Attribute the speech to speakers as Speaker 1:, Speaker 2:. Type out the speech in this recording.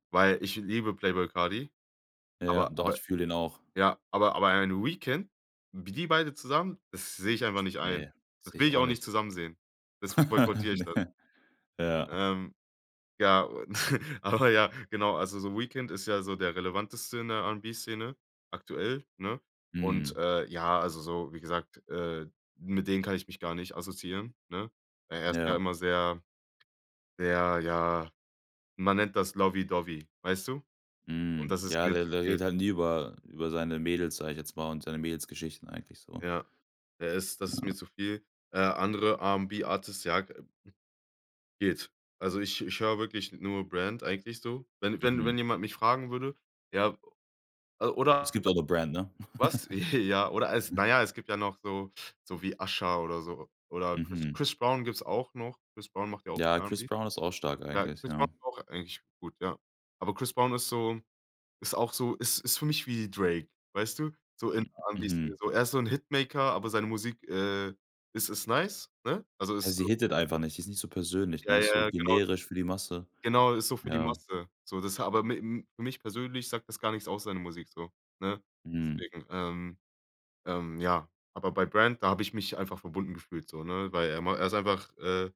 Speaker 1: Weil, ich liebe Playboy Carti,
Speaker 2: Ja,
Speaker 1: aber
Speaker 2: doch, ich
Speaker 1: aber
Speaker 2: fühle den auch.
Speaker 1: ja, aber aber ein Weekend, wie die beide zusammen, das sehe ich einfach nicht ein.
Speaker 2: Ne,
Speaker 1: Das
Speaker 2: sehe
Speaker 1: will
Speaker 2: ich
Speaker 1: ich
Speaker 2: auch
Speaker 1: auch nicht
Speaker 2: nicht.
Speaker 1: zusammen sehen, deswegen boykottiere ich das.
Speaker 2: Ne. Ja.
Speaker 1: Ähm. Ja, aber ja, genau. Also, so Weekend ist ja so der relevanteste in der R'n'B-Szene aktuell, ne? Und,
Speaker 2: Mhm.
Speaker 1: äh, ja, also, so, wie gesagt, äh, mit den kann ich mich gar nicht assoziieren, ne? Er ist ja
Speaker 2: Ja.
Speaker 1: immer sehr, sehr, ja, man nennt das Lobby Dobby, weißt du? Und
Speaker 2: Mhm.
Speaker 1: das ist
Speaker 2: Ja,
Speaker 1: mir
Speaker 2: der
Speaker 1: zu
Speaker 2: der redet
Speaker 1: viel.
Speaker 2: halt nie über über seine Mädels, sage ich jetzt mal, und seine Mädelsgeschichten eigentlich so.
Speaker 1: Ja, er ist das ist mir
Speaker 2: Ja.
Speaker 1: zu viel. Äh, andere R'n'B-Artists, ja geht. Also, ich ich höre wirklich nur Brand eigentlich so. Wenn wenn wenn
Speaker 2: Mhm.
Speaker 1: jemand mich fragen würde, ja also
Speaker 2: Es
Speaker 1: oder
Speaker 2: gibt auch noch Brand, ne?
Speaker 1: Was? Ja, oder als
Speaker 2: Ja.
Speaker 1: na ja, es gibt ja noch so, so wie Usher oder so. Oder Chris
Speaker 2: Mhm.
Speaker 1: Chris Brown gibt's auch noch. Chris Brown macht ja auch
Speaker 2: Ja. Chris
Speaker 1: R'n'B.
Speaker 2: Brown ist auch stark
Speaker 1: Ja,
Speaker 2: eigentlich,
Speaker 1: Chris Brown
Speaker 2: ja.
Speaker 1: ist auch eigentlich gut, ja. Aber Chris Brown ist so ist auch so ist ist für mich wie Drake, weißt du? So in
Speaker 2: M
Speaker 1: R'n'B
Speaker 2: mhm.
Speaker 1: Szene, so. Er ist so 'n Hitmaker, aber seine Musik, äh, is ist nice, ne? Also,
Speaker 2: Ja,
Speaker 1: ist
Speaker 2: sie
Speaker 1: so
Speaker 2: hittet einfach nicht, die ist nicht so persönlich, ne?
Speaker 1: Ja,
Speaker 2: Ist so
Speaker 1: ja, genau.
Speaker 2: generisch für die Masse.
Speaker 1: Genau, ist so für die
Speaker 2: Ja.
Speaker 1: Masse, so. Das ha aber m für mich persönlich sagt das gar nichts aus, seine Musik so, ne?
Speaker 2: Mhm.
Speaker 1: Deswegen, ähm, ähm, ja aber bei Brand, da habe ich mich einfach verbunden gefühlt so, ne? Weil er ma er ist einfach, äh